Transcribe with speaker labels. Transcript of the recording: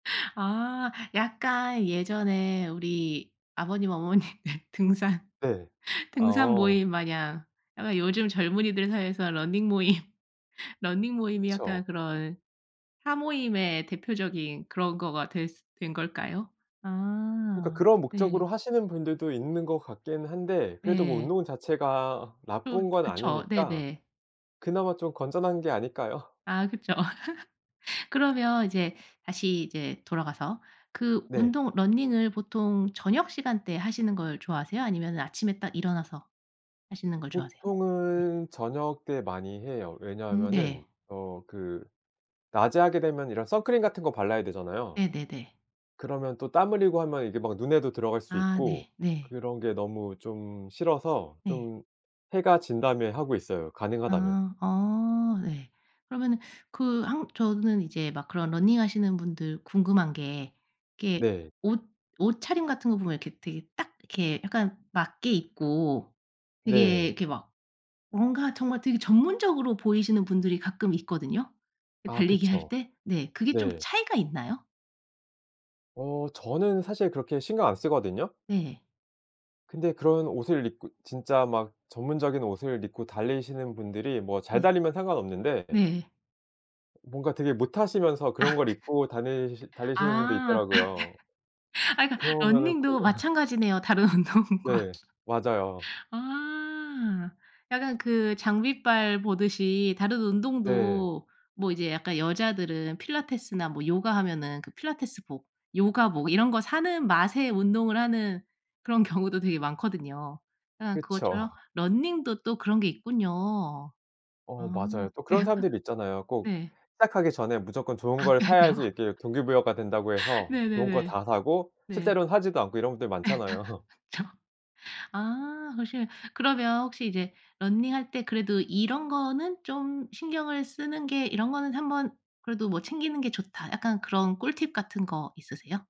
Speaker 1: 아 약간 예전에 우리 아버님, 어머님 등산,
Speaker 2: 네.
Speaker 1: 등산
Speaker 2: 어.
Speaker 1: 모임마냥 아마 요즘 젊은이들 사이에서 러닝 모임, 러닝 모임이 약간
Speaker 2: 그쵸.
Speaker 1: 그런 사모임의 대표적인 그런 거가 되스 된 걸까요?
Speaker 2: 그러니까
Speaker 1: 아
Speaker 2: 그런
Speaker 1: 네.
Speaker 2: 목적으로 하시는 분들도 있는 것 같긴 한데, 그래도 뭐
Speaker 1: 예.
Speaker 2: 운동 자체가
Speaker 1: 그
Speaker 2: 나쁜 건
Speaker 1: 그쵸.
Speaker 2: 아니니까
Speaker 1: 네네.
Speaker 2: 그나마 좀 건전한 게 아닐까요?
Speaker 1: 아 그쵸. 그러면 이제 다시 이제 돌아가서 그
Speaker 2: 네.
Speaker 1: 운동 러닝을 보통 저녁시간대 하시는 걸 좋아하세요? 아니면 아침에 딱 일어나서 하시는 걸 좋아하세요? 네
Speaker 2: 보통은 저녁때 많이 해요.
Speaker 1: 음
Speaker 2: 왜냐하면은
Speaker 1: 네.
Speaker 2: 어 그 낮에 하게 되면 이런 선크림 같은 거 발라야 되잖아요.
Speaker 1: 네네네.
Speaker 2: 그러면 또 땀 흘리고 하면 이게 막 눈에도 들어갈 수
Speaker 1: 아
Speaker 2: 있고
Speaker 1: 네네.
Speaker 2: 그런 게 너무 좀 싫어서
Speaker 1: 네.
Speaker 2: 좀 해가 진다면 하고 있어요 가능하다면.
Speaker 1: 아 어 네. 그러면은 그 한 저는 이제 막 그런 러닝하시는 분들 궁금한 게 그게
Speaker 2: 네.
Speaker 1: 옷 옷차림 같은 거 보면 이렇게 되게 딱 이렇게 약간 맞게 입고 되게
Speaker 2: 네.
Speaker 1: 이렇게 막 뭔가 정말 되게 전문적으로 보이시는 분들이 가끔 있거든요 그
Speaker 2: 아
Speaker 1: 달리기할
Speaker 2: 그쵸.
Speaker 1: 때. 네 그게 좀
Speaker 2: 네.
Speaker 1: 차이가 있나요?
Speaker 2: 어 저는 사실 그렇게 신경 안 쓰거든요.
Speaker 1: 네.
Speaker 2: 근데 그런 옷을 입고 진짜 막 전문적인 옷을 입고 달리시는 분들이 뭐 잘
Speaker 1: 네.
Speaker 2: 달리면 상관없는데
Speaker 1: 네.
Speaker 2: 뭔가 되게 못하시면서
Speaker 1: 아
Speaker 2: 그런 걸 입고 다니시 달리시는 분도
Speaker 1: 아
Speaker 2: 있더라고요.
Speaker 1: 아 그니까
Speaker 2: 그러면은 그
Speaker 1: 러닝도 마찬가지네요 다른 운동과.
Speaker 2: 네 맞아요.
Speaker 1: 아 약간 그 장비빨 보듯이 다른
Speaker 2: 네.
Speaker 1: 운동도 뭐 이제 약간 여자들은 필라테스나 뭐 요가하면은 그 필라테스복 요가복 이런 거 사는 맛에 운동을 하는 그런 경우도 되게 많거든요. 그냥
Speaker 2: 그쵸.
Speaker 1: 그것처럼 러닝도 또 그런 게 있군요.
Speaker 2: 어
Speaker 1: 아
Speaker 2: 맞아요. 또
Speaker 1: 네.
Speaker 2: 그런 사람들이 있잖아요. 꼭
Speaker 1: 네.
Speaker 2: 시작하기 전에 무조건
Speaker 1: [unintelligible]
Speaker 2: 좋은 걸 사야지 이렇게 동기부여가 된다고 해서 좋은 거
Speaker 1: 네네네
Speaker 2: 다 사고,
Speaker 1: 네.
Speaker 2: 실제로는 하지도 않고 이런 분들 많잖아요.
Speaker 1: 저 아 혹시 그러면 혹시 이제 러닝할 때 그래도 이런 거는 좀 신경을 쓰는 게 이런 거는 한번 그래도 뭐 챙기는 게 좋다. 약간 그런 꿀팁 같은 거 있으세요?